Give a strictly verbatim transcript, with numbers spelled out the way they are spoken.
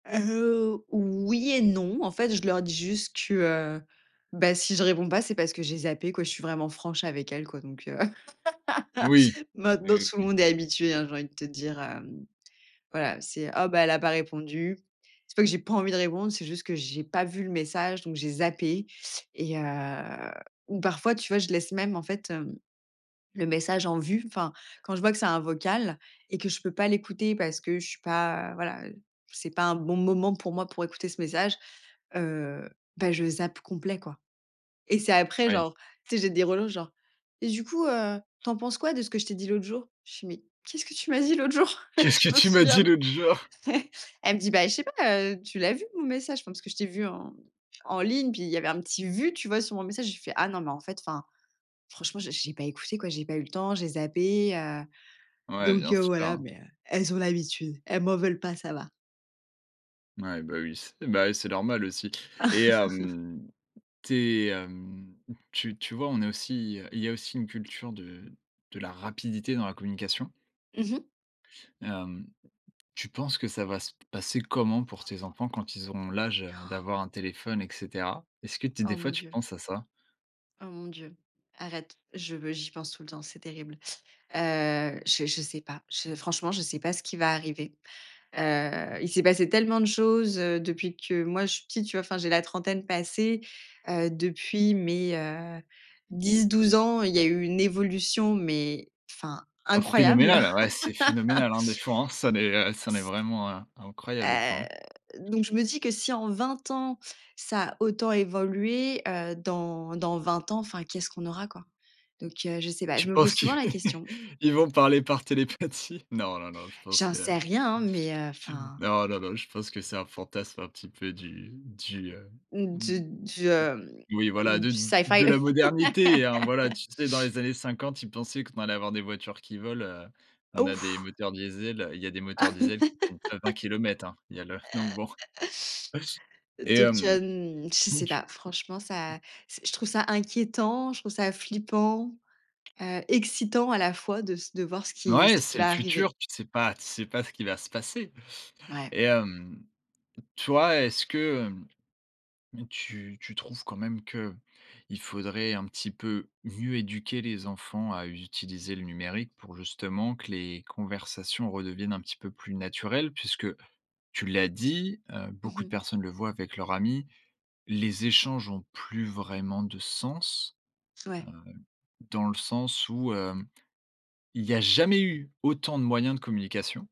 Ah, heu, oui et non. En fait, je leur dis juste que, heu, ben si je réponds pas, c'est parce que j'ai zappé quoi. Je suis vraiment franche avec elles quoi donc, heu. Oui. Oui, Maintenant oui, tout le oui. monde est habitué, hein, j'ai envie de te dire, hem. Voilà, c'est: «Oh, bah, elle a pas répondu». C'est pas que j'ai pas envie de répondre, c'est juste que j'ai pas vu le message, donc j'ai zappé et heu ou parfois, tu vois, je laisse même en fait, hem, le message en vue. Enfin, quand je vois que c'est un vocal et que je peux pas l'écouter parce que je suis pas voilà, c'est pas un bon moment pour moi pour écouter ce message. Heu, ben je zappe complet quoi et c'est après Oui. genre, tu sais j'ai des relances genre: «et du coup, heu, tu en penses quoi de ce que je t'ai dit l'autre jour?» Je fais: «Mais, qu'est-ce que tu m'as dit l'autre jour? Qu'est-ce que Je me tu m'as souviens dit p». l'autre jour? Elle me dit: «Ben je sais pas, heu, tu l'as vu mon message, je pense que je t'ai vu en en ligne, puis il y avait un petit vu, tu vois sur mon message», je lui fait: «Ah non, mais en fait enfin, franchement, j'ai j'ai pas écouté quoi, j'ai pas eu le temps, j'ai zappé, heu». Ouais Donc, bien heu, sûr, voilà, hein. mais, heu, elles, ont l'habitude, elles m'en veulent pas, ça va. Ouais, bah, oui c'est ben oui c'est normal aussi et hem, tu es hem, tu tu vois, on est aussi, heu il y a aussi une culture de de la rapidité dans la communication. Mmh mh. Hem, tu penses que ça va se passer comment pour tes enfants quand ils auront l'âge, heu, Han. d'avoir un téléphone et cetera? Est ce que tu es des Oh fois mon tu Dieu. penses à ça? Oh mon Dieu. Arrête, je veux j'y pense tout le temps, c'est terrible. Heu, je je sais pas. Je franchement, je sais pas ce qui va arriver. Heu, il s'est passé tellement de choses, heu, depuis que moi, je suis petite, tu vois, enfin, j'ai la trentaine passée. Heu, depuis mes, heu, dix-douze ans, il y eu une évolution, mais enfin Oh incroyable. phénoménal, ouais, c'est phénoménal, hein, des fois, hein, ça n'est ça en est S vraiment in incroyable des fois, Heu, hein. donc je me dis que: «Si en vingt ans, ça a autant évolué, heu, dans dans vingt ans, enfin qu'est-ce qu'on aura quoi?» Donc, heu, je sais pas. Tu Je me pose penses que, souvent la question. ils vont parler par télépathie? Non, non, non, je pense J'en que. sais rien hein, mais, heu, enfin Non non non, je pense que c'est un fantasme un petit peu du du heu Mmh d de du, d Oui, voilà, hem, de du syfy. de la modernité, hein. Voilà, tu sais, dans les années cinquante, ils pensaient qu'on allait avoir des voitures qui volent, heu. On Oh a des ouf! moteurs diesel, heu, il y a des moteurs diesel qui tiennent pas vingt kilomètres, hein. Il y a le donc bon. Et Donc, mmh, hem, je donc sais tu pas. Franchement, h h ça, s je trouve ça inquiétant, je trouve ça flippant, heu, excitant à la fois de s de voir ce N qui ce ouais, qui c'est le va arriver. futur, tu sais pas tu sais pas ce qui va se passer Ouais. et hem, toi, est-ce que, hem, tu tu trouves quand même qu'il faudrait un petit peu mieux éduquer les enfants à utiliser le numérique pour justement que les conversations redeviennent un petit peu plus naturelles? Puisque tu l'as dit, heu, Mmh beaucoup de mh. personnes le voient avec leurs amis, les échanges ont plus vraiment de sens. Ouais. Hem, dans le sens où, heu, il y a jamais eu autant de moyens de communication